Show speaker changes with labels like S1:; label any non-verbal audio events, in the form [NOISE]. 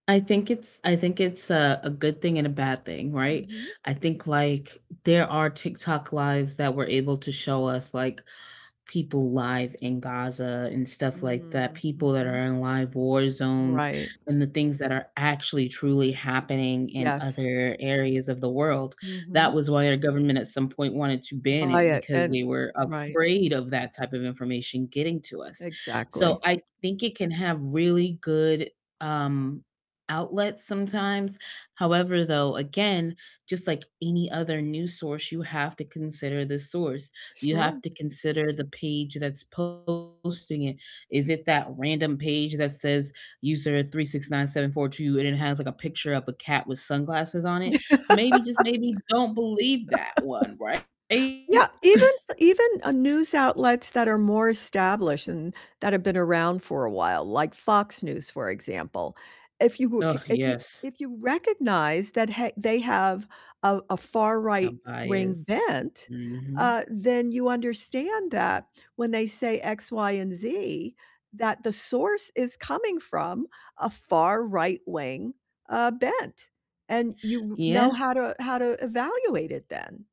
S1: I think it's I think it's a a good thing and a bad thing, right?
S2: Mhm.
S1: I think, like, there are TikTok Lives that were able to show us, like, people live in Gaza and stuff like that,
S2: Mm,
S1: people that are
S2: mhm.
S1: in live war zones
S2: Right.
S1: and the things that are actually truly happening in
S2: Yes.
S1: other areas of the world, that
S2: Mhm.
S1: was why our government at some point wanted to ban
S2: By
S1: it
S2: a
S1: because
S2: an
S1: they were
S2: Right.
S1: afraid of that type of information getting to us, so
S2: Exactly.
S1: I think it can have really good, um, outlets sometimes, however, though, again, just like any other news source, you have to consider the source, you have
S2: Sure.
S1: to consider the page that's posting it, is it that random page that says user369742 and it has, like, a picture of a cat with sunglasses on it? Maybe, just maybe don't believe that one, right?
S2: [LAUGHS] Yeah, even
S1: [CHUCKLES]
S2: f even, uh, news outlets that are more established and that have been around for a while, like Fox News, for example, if you w k
S1: Ugh,
S2: if you
S1: yes.
S2: if you recognize that he they have a a far
S1: A
S2: right-wing
S1: bias,
S2: bent,
S1: mhm.
S2: uh, then you understand that when they say X, Y, and Z, that the source is coming from a far right-wing, uh, bent, and you w know
S1: Yeah.
S2: how to how to evaluate it then.